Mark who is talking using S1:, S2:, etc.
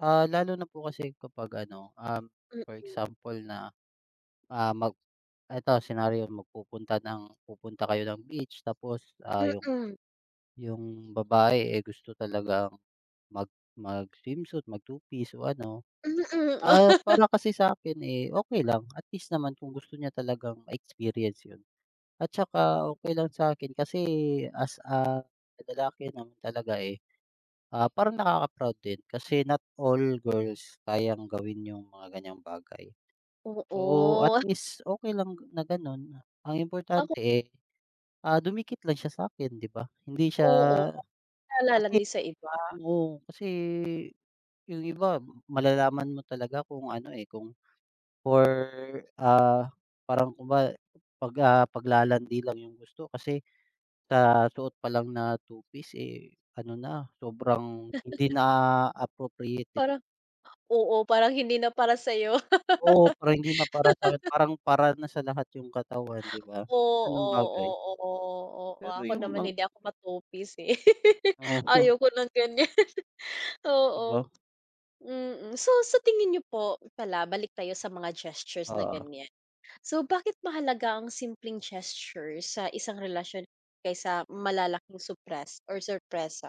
S1: Ah, lalo na po kasi kapag ano, um, for
S2: Mm.
S1: example na, ah, mag ito senaryo, magpupunta ng pupunta kayo ng beach tapos, ah, yung,
S2: Mm.
S1: yung babae, eh, gusto talagang mag mag-swimsuit, mag-two piece o ano, ah,
S2: Mm.
S1: para kasi sa'kin, eh, okey lang. At least naman kung gusto niya talagang ma-experience yun. At saka okey lang sa'kin kasi as a lalaki naman talaga, eh, ah, parang nakaka-proud din kasi not all girls, kayang gawin yung mga ganyang bagay. So, at
S2: Oo.
S1: least okey lang na ganun, ang
S2: Ako
S1: importante, eh, ah, dumikit lang siya sa'kin 'di ba. Hindi siya
S2: Oo, 'di na
S1: kasi
S2: lalandi sa iba.
S1: oo. Kasi, yung iba malalaman mo talaga kung ano, eh, kung for, ah parang kunware 'pag, ah, paglalandi lang yung gusto kasi sa suot pa lang na two piece, eh, ano na, sobrang hindi na appropriate 'di ba.
S2: Parang oo. Parang hindi na para sa'yo.
S1: Oo, parang hindi na para sa'kin. Parang para na sa lahat yung katawan, 'di ba.
S2: Oo,
S1: Ganung bagay.
S2: oo. Oh,
S1: Pero
S2: ako
S1: yung
S2: naman,
S1: mang
S2: hindi ako ma-two piece, eh.
S1: O
S2: Ayoko ng ganyan.
S1: 'Di ba.
S2: Oo, mm. So sa tingin niyo po pala, balik tayo sa mga gestures na
S1: Oo.
S2: ganyan. So bakit mahalaga ang simpleng gesture sa isang relasyon kaysa malalaking supres or sorpresa?